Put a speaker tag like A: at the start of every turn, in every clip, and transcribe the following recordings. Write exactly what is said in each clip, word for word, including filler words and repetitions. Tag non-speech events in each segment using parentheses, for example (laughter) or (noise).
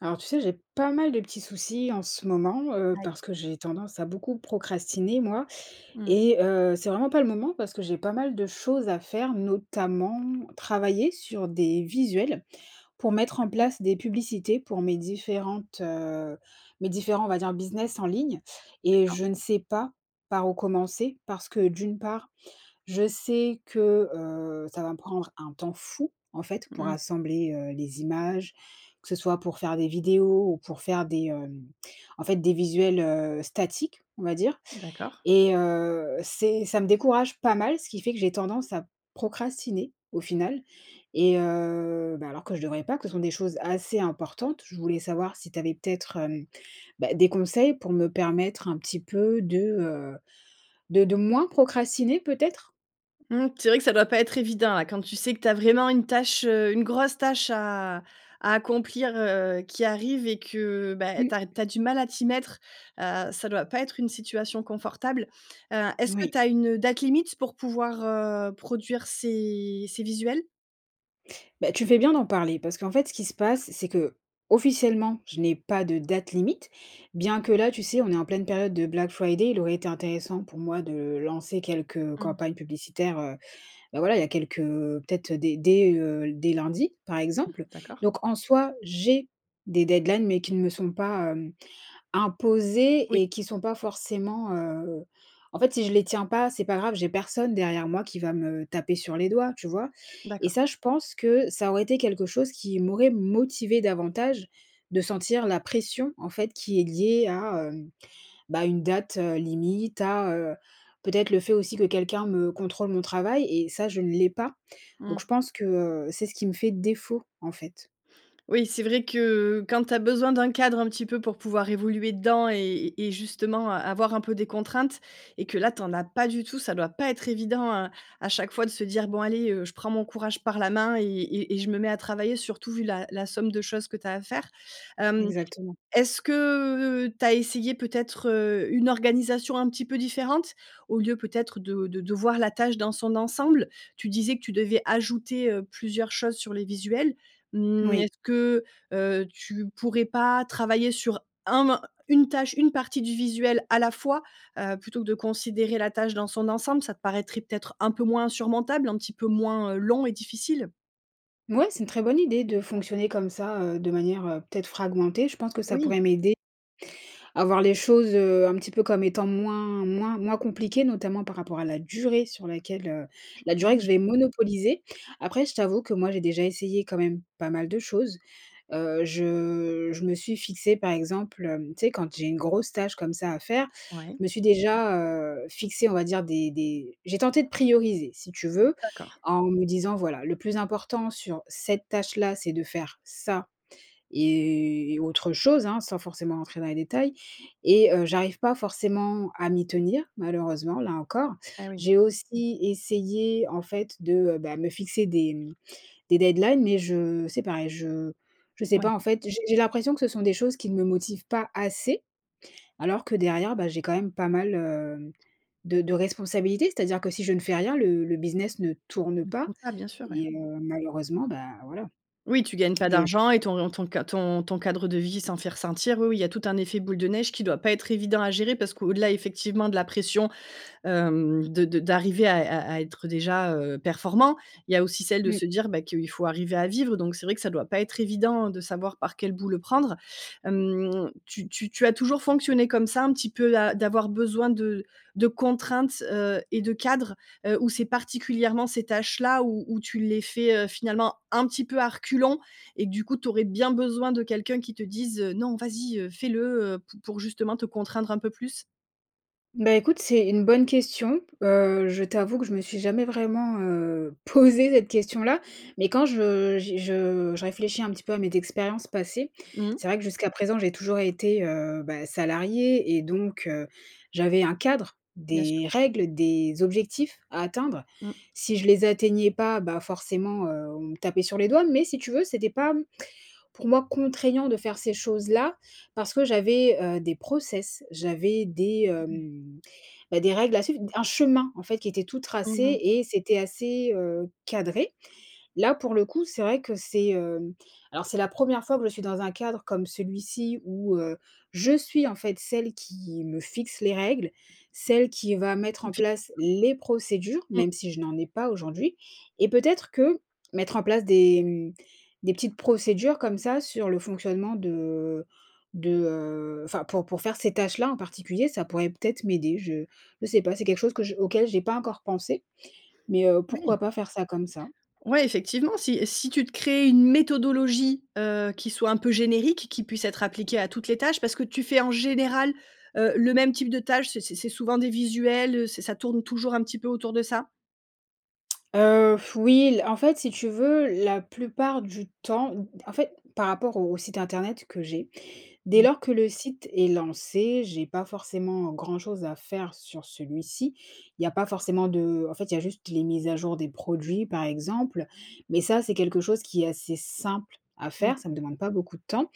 A: Alors, tu sais, j'ai pas mal de petits soucis en ce moment, heu,
B: Aïe.
A: parce que j'ai tendance à beaucoup procrastiner, moi
B: Mmh.
A: et heu, c'est vraiment pas le moment parce que j'ai pas mal de choses à faire, notamment, travailler sur des visuels pour mettre
B: Ah
A: en
B: bon?
A: place des publicités pour mes différentes, heu, mes différents, on va dire: «business en ligne» et
B: D'accord.
A: je ne sais pas par où commencer, parce que, d'une part, je sais que, heu, ça va me prendre un temps fou, en fait,
B: Mmh
A: pour
B: mh.
A: assembler, heu, les images, que ce soit pour faire des vidéos ou pour faire des, hem, en fait, des visuels, heu, «statiques», on va dire
B: D'accord.
A: et heu, c'est ça me décourage pas mal, ce qui fait que j'ai tendance à procrastiner, au final et heu, ben, alors que je devrais pas, que ce sont des choses assez importantes. Je voulais savoir si tu avais peut-être, hem, bah, des conseils pour me permettre un petit peu de, heu, de de moins procrastiner peut-être?
B: Mmh, c'est vrai que ça doit pas être évident, là, quand tu sais que tu as vraiment une tâche, heu, une grosse tâche à à accomplir, heu, qui arrive et que bah eh
A: Mmh.
B: tu ar tu as du mal à t'y mettre, heu, ça doit pas être une situation confortable. Heu, est-ce que
A: Oui.
B: tu as une, heu, date limite pour pouvoir, heu, produire ces ces visuels?
A: Beh, tu fais bien d'en parler parce qu'en fait, ce qui se
B: (unintelligible)
A: passe, c'est qu'officiellement, je n'ai pas de date limite. Bien que, là, tu sais, on est en pleine période de Black Friday, il aurait été intéressant, pour moi, de lancer quelques, heu,
B: Mmh.
A: campagnes publicitaires, heu. Beh, voilà, il y a quelques, heu, peut-être, heu, dès dès, heu, l dès lundi, par
B: Mmh.
A: exemple.
B: D'accord.
A: Donc en soi, j'ai des deadlines mais qui ne me sont pas, hem, imposées
B: Oui.
A: et qui sont pas forcément heu, en fait, si je les tiens pas, c'est pas grave, j'ai personne derrière moi qui va me taper sur les doigts, tu vois? Et
B: D'accord.
A: ça, je pense que ça aurait été quelque chose qui m'aurait motivée davantage de sentir la pression, en fait, qui est liée à, hem, bah, une date, heu, limite, à, heu, peut-être le fait aussi que quelqu'un me contrôle mon travail et ça je ne l'ai pas. Donc
B: Mmh.
A: je pense que, heu, c'est ce qui me fait défaut, en fait.
B: Oui, c'est vrai que quand tu as besoin d'un cadre un petit peu pour pouvoir évoluer dedans et et justement a avoir un peu des contraintes et que là tu en as pas du tout, ça doit pas être évident à à chaque fois de se dire: «Bon, allez, heu, je prends mon courage par la main et et et je me mets à travailler». Surtout vu la la somme de choses que tu as à faire. Hem,
A: Exactement.
B: est-ce que tu as essayé peut-être, heu, une organisation un petit peu différente? Au lieu, peut-être, de de de voir la tâche dans son ensemble, tu disais que tu devais ajouter, heu, plusieurs choses sur les visuels,
A: N
B: mmh,
A: oui.
B: est-ce que, heu, tu pourrais pas travailler sur un mo une tâche, une partie du visuel à la fois, heu, plutôt que de considérer la tâche dans son ensemble, ça te paraîtrait peut-être un peu moins insurmontable, un petit peu moins, heu, long et difficile?
A: Ouais, c'est une très bonne idée de fonctionner comme ça, heu, de manière, heu, peut-être fragmentée. Je pense que ça
B: Oui.
A: pourrait m'aider à voir les choses, heu, un petit peu comme étant moins moins moins compliquées. Notamment par rapport à la durée sur laquelle, heu, la
B: Ah
A: durée que
B: oui.
A: je vais monopoliser. Après je t'avoue que moi j'ai déjà essayé quand même pas mal de choses. Heu, je je me suis fixée par exemple, hem, tu sais quand j'ai une grosse tâche comme ça à faire, je
B: Ouais.
A: me suis déjà, heu, fixée on va dire des des j'ai tenté de prioriser si tu
B: Mmh,
A: veux,
B: d'accord.
A: en me disant: «Voilà, le plus important sur cette tâche là, c'est de faire ça et autre chose», hein. Sans forcément rentrer dans les détails et heu, j'arrive pas forcément à m'y tenir malheureusement là encore.
B: Ah oui.
A: J'ai aussi essayé en fait de, heu, bah me fixer des, mmh de deadlines, mais je c'est pareil, je je sais
B: Ouais.
A: pas en fait. J'ai j'ai l'impression que ce sont des choses qui ne me motivent pas assez, alors que derrière, bah j'ai quand même pas mal, heu, de de responsabilités. C'est-à-dire que si je ne fais rien le le business ne tourne
B: De
A: pas
B: tout ça, bien sûr ouais.
A: et heu, malheureusement, ben, voilà.
B: Oui tu gagnes pas
A: Le
B: d'argent et
A: (unintelligible)
B: ton ton ca ton ton cadre de vie s'en fait ressentir. Oui oui il y a tout un effet boule de neige qui doit pas être évident à gérer. Parce que au-delà effectivement de la pression, hem, de de d'arriver à à à être, heu, déjà, heu, performant, il y a aussi celle de
A: Mmh.
B: se dire, bah, qu'il faut arriver à vivre. Donc c'est vrai que ça doit pas être évident de savoir par quelle bout le prendre. Hem, tu tu tu as toujours fonctionné comme ça un petit peu a d'avoir besoin de de contraintes, heu et de cadres? Heu, ou c'est particulièrement ces tâches là où où tu les fais, heu, finalement un petit peu à reculons et que du coup tu aurais bien besoin de quelqu'un qui te dise, heu: «Non vas-y, heu, fais le, heu» p pour justement te contraindre un peu plus?
A: Bah, écoute c'est une bonne question, heu, je t'avoue que je me suis jamais vraiment, heu, posée cette question-là. Mais quand je j'y je je réfléchis un petit peu à mes expériences passées,
B: Mmh.
A: c'est vrai que jusqu'à présent j'ai toujours été, heu, bah salariée et donc heu, j'avais un cadre,
B: Bien sûr.
A: des règles, des objectifs à atteindre.
B: Mmh.
A: Si je les atteignais pas bah, forcément, heu, on me tapait sur les doigts, mais si tu veux, c'était pas, mmh, pour moi contraignant de faire ces choses-là. Parce que j'avais, heu, des process, j'avais des,
B: Mmh mh.
A: hem, bah, des règles à suivre, d un chemin en fait qui était tout
B: Mmh
A: tracé
B: mh.
A: et c'était assez, heu, cadré. Là pour le coup c'est vrai que c'est, hem, alors c'est la première fois que je suis dans un cadre comme celui-ci où, heu, je suis en fait celle qui me fixe les règles, celle qui va mettre
B: Qui
A: en
B: fait.
A: place
B: (unintelligible)
A: les procédures.
B: Mmh.
A: Même si je n'en ai pas aujourd'hui et peut-être que mettre en place des mmh, des petites procédures comme ça sur le fonctionnement de de, heu, enfin pour pour faire ces tâches-là en particulier, ça pourrait peut-être m'aider. Je je sais pas c'est quelque chose que j auquel j'ai pas encore pensé mais, heu, pourquoi
B: Oui.
A: pas faire ça comme ça.
B: Ouais effectivement si si tu te crées une méthodologie, heu, qui soit un peu générique, qui puisse être appliquée à toutes les tâches. Parce que tu fais en général, heu, le même type de tâches, c'est c'est c'est souvent des visuels, heu? Ç ça tourne toujours un petit peu autour de ça?
A: Heu, f oui l en fait, si tu veux, la plupart du temps, m d en fait, par rapport au site internet que j'ai dès
B: Mmh.
A: lors que le site est lancé, j'ai pas forcément grand-chose à faire sur celui-ci. Il y a pas
B: Que moi
A: forcément de en fait, il y a juste les mises à jour des produits, par exemple, mais ça c'est quelque chose qui est assez simple à
B: Mmh.
A: faire, ça ne demande pas beaucoup de temps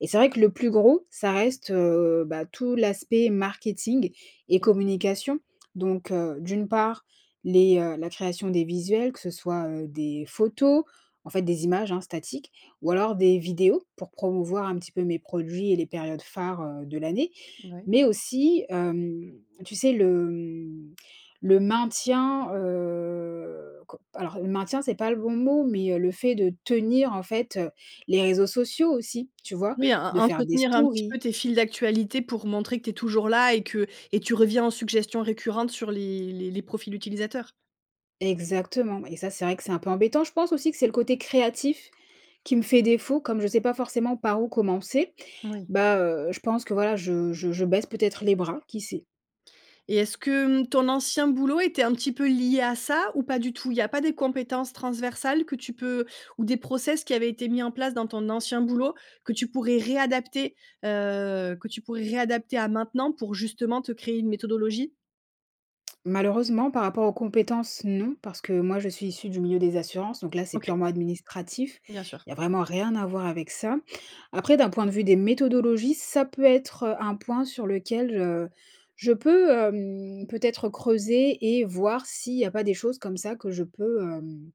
A: et c'est vrai que le plus gros, ça reste, heu, bah, tout l'aspect marketing et
B: (unintelligible)
A: communication, donc heu, d'une part les, heu, la création des visuels, que ce soit, heu, des photos, en fait, des images, hein, statiques, ou alors des vidéos pour promouvoir un petit peu mes produits et les périodes phares, heu, de l'année,
B: Mouais.
A: mais aussi, hem, tu sais, le, mmh, le maintien, heu, co alors le maintien c'est pas le bon mot, mais heu, le fait de tenir, en fait, heu, les réseaux sociaux aussi, tu vois?
B: Oui, en
A: De faire des
B: entretenir un petit
A: stories.
B: peu tes fils d'actualité pour montrer que tu es toujours là et que et tu reviens en suggestions récurrentes sur les les les profils utilisateurs.
A: Exactement, et ça c'est vrai que c'est un peu embêtant. Je pense aussi que c'est le côté créatif qui me fait défaut, comme je sais pas forcément par où commencer,
B: Oui.
A: bah heu, je pense que voilà, je je je baisse peut-être les bras, qui sait?
B: Et est-ce que, mmh, ton ancien boulot était un petit peu lié à ça ou pas du tout? Il y a pas des compétences transversales que tu peux ou des process qui avaient été mis en place dans ton ancien boulot que tu pourrais réadapter? Heu, que tu pourrais réadapter à maintenant pour justement te créer une méthodologie?
A: Malheureusement par rapport aux compétences non parce que moi je suis issue du milieu des assurances donc là c'est
B: OK.
A: purement administratif,
B: Bien sûr.
A: il y a vraiment rien à voir avec ça. Après d'un point de vue des méthodologies, ça peut être, heu, un point sur lequel je je peux, hem, peut-être creuser et voir s'il y a pas des choses comme ça que je peux, hem,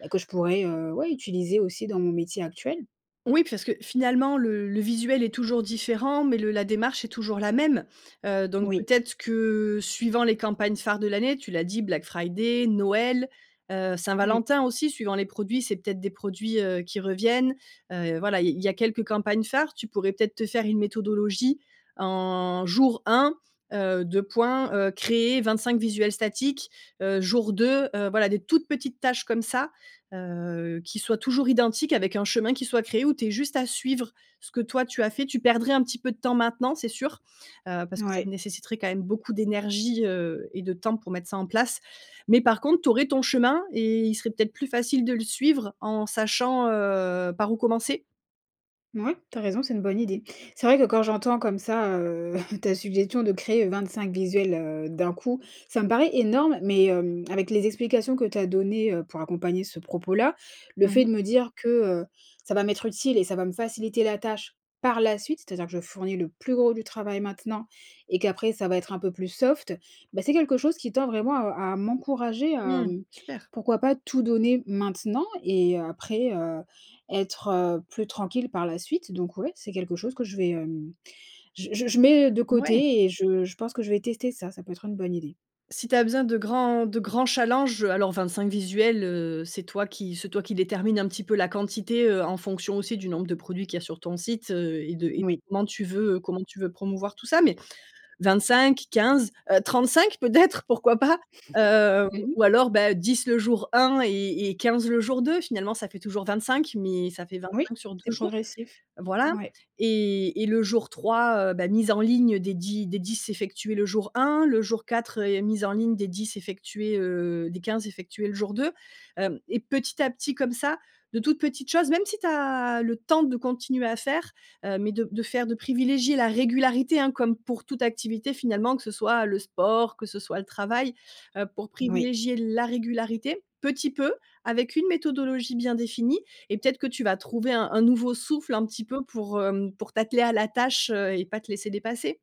A: bah que je pourrais, heu, ouais utiliser aussi dans mon métier actuel.
B: Oui pfarce que finalement le le visuel est toujours différent, mais le la démarche est toujours la même, heu, donc
A: Oui.
B: peut-être que suivant les campagnes phares de l'année tu l'as dit, Black Friday, Noël, heu,
A: Mmh.
B: Saint-Valentin aussi suivant les produits c'est peut-être des produits, heu, qui reviennent, heu, et voilà il il y a quelques campagnes phares. Tu pourrais peut-être te faire une méthodologie? En jour un, heu, deux points, heu, créer vingt-cinq visuels statiques. Heu, jour deux, heu, voilà des toutes petites tâches comme ça, heu, qui soient toujours identiques avec un chemin qui soit créé où tu aies juste à suivre ce que toi tu as fait, tu perdrais un petit peu de temps maintenant c'est sûr, heu, parce que ça te
A: Ouais.
B: nécessiterait quand même beaucoup d'énergie, heu et de temps pour mettre ça en place, mais par contre, tu aurais ton chemin et il serait peut-être plus facile de le suivre en sachant, heu, par où commencer?
A: Mouais, tu as raison, c'est une bonne idée. C'est vrai que quand j'entends comme ça, heu, (chuckles) ta suggestion de créer 25 visuels, heu, d'un coup, ça me paraît énorme, mais hem, avec les explications que tu as données, heu, pour accompagner ce propos-là. Le
B: Mmh
A: fait
B: mh.
A: de me dire que, heu, ça va m'être utile et ça va me faciliter la tâche par la suite, c'est-à-dire que je fournis le plus gros du travail maintenant, et qu'après ça va être un peu plus soft, bah c'est quelque chose qui tend vraiment à à m'encourager.
B: Mmh,
A: Hem,
B: super.
A: pourquoi pas tout donner maintenant? Et après, heu, être, heu, plus tranquille par la suite. Donc ouais, c'est quelque chose que je vais hem, je je je mets, heu, de
B: Ouais.
A: côté et je je pense que je vais tester ça, ça peut être une bonne idée.
B: Si tu as besoin de grands de grands challenges, heu, alors 25 visuels, heu, c'est toi qui c'est toi qui détermine un petit peu la quantité, heu, en fonction aussi du nombre de produits qu'il y a sur ton site. Heu, et de et de
A: Oui.
B: comment tu veux, heu, comment tu veux promouvoir tout ça. Mais 25, 15 heu, 35 peut-être, pourquoi pas?
A: (chuckles)
B: Heu,
A: Mmh mh.
B: ou alors beh, 10 le jour 1, et et 15 le jour 2. Finalement ça fait toujours 25, mais ça fait
A: Oui,
B: 25, sur
A: c'est
B: deux jour,
A: progressif.
B: voilà.
A: Ouais.
B: Et et le jour 3, heu, bah, mise en ligne, heu, des 10 des 10 effectués le jour 1. Le jour 4, heu, mise en ligne des 10 effectués, heu, des 15 effectués le jour 2. Hem, et petit à petit, comme ça, de toutes petites choses. Même si tu as le temps de continuer à faire, heu, mais de de faire de privilégier la régularité hein, comme pour toute activité finalement. Que ce soit le sport, que ce soit le travail. Heu pour
A: Oui.
B: privilégier la régularité petit peu, avec une méthodologie bien définie et peut-être que tu vas trouver un un nouveau souffle, un petit peu pour, hem, pour t'atteler à la tâche, heu, et pas te laisser dépasser.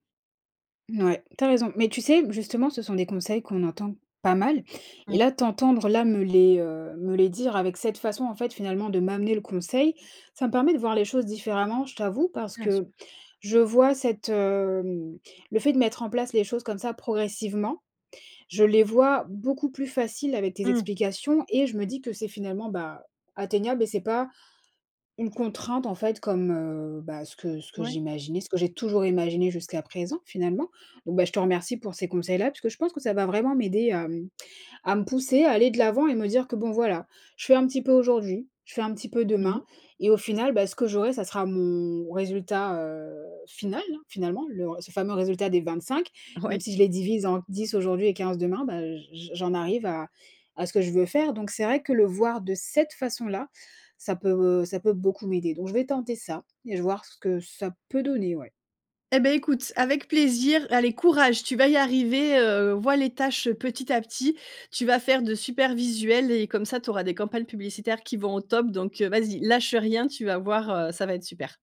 A: Mouais, tu as raison, mais tu sais? Justement, ce sont des conseils qu'on entend pas mal et
B: Oui.
A: là, t'entendre là, me les, heu, me les dire avec cette façon, en fait, finalement de m'amener le conseil, ça me permet de voir les choses différemment, je t'avoue, parce
B: Bien sûr.
A: que je vois cette, hem, le fait de mettre en place les choses comme ça progressivement, je les vois beaucoup plus facile avec tes
B: Mmh.
A: explications et je me dis que c'est finalement, bah, atteignable et c'est pas une contrainte, en fait, comme, heu, bah, ce que ce que
B: Ouais.
A: j'imaginais, ce que j'ai toujours imaginé jusqu'à présent, finalement. Bon, bah, je te remercie pour ces conseils-là puisque je pense que ça va vraiment m'aider à, mmh, à me pousser à aller de l'avant et me dire que bon, voilà, je fais un petit peu aujourd'hui, je fais un petit peu
B: Mmh mh,
A: demain et au
B: c'est
A: final,
B: ça.
A: bah, ce que j'aurai, ça sera mon résultat, heu, final, hein, finalement, le ce fameux résultat des vingt-cinq même
B: Oui.
A: si je les divise en dix aujourd'hui et quinze demain, bah, j j'en arrive à à ce que je veux faire. Donc c'est vrai que le voir de cette façon-là, ça peut, heu, ça peut beaucoup m'aider donc je vais tenter ça et j voir ce que ça peut donner, ouais.
B: Eh beh, écoute, avec plaisir, allez courage, tu vas y arriver, heu, vois les tâches, heu, petit à petit, tu vas faire de super visuels et comme ça tu auras des campagnes publicitaires qui vont au top donc vas-y, lâche rien, tu vas voir, heu, ça va être super!